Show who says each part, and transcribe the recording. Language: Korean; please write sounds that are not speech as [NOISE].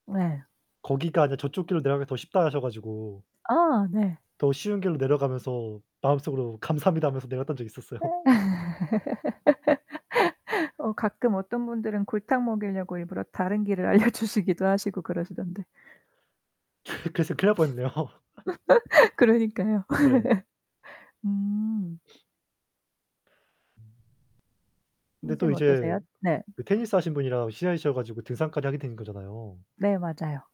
Speaker 1: 네.
Speaker 2: "거기가 아니라 저쪽 길로 내려가기가 더 쉽다." 하셔 가지고
Speaker 1: 아 네.
Speaker 2: 더 쉬운 길로 내려가면서 마음 속으로 '감사합니다.' 하면서 내려갔던 적이 있었어요.
Speaker 1: [LAUGHS] 어 가끔 어떤 분들은 골탕 먹이려고 일부러 다른 길을 알려주시기도 하시고 그러시던데.
Speaker 2: [LAUGHS] 그랬으면 큰일 날 뻔 했네요.
Speaker 1: [LAUGHS] 그러니까요.
Speaker 2: 네.
Speaker 1: [LAUGHS] 음.
Speaker 2: [SNIFFS] 근데 또
Speaker 1: 선생님
Speaker 2: 이제
Speaker 1: 어떠세요? 네.
Speaker 2: 그 테니스 하신 분이랑 친해지셔 가지고 등산까지 하게 된 거잖아요.
Speaker 1: 네 맞아요.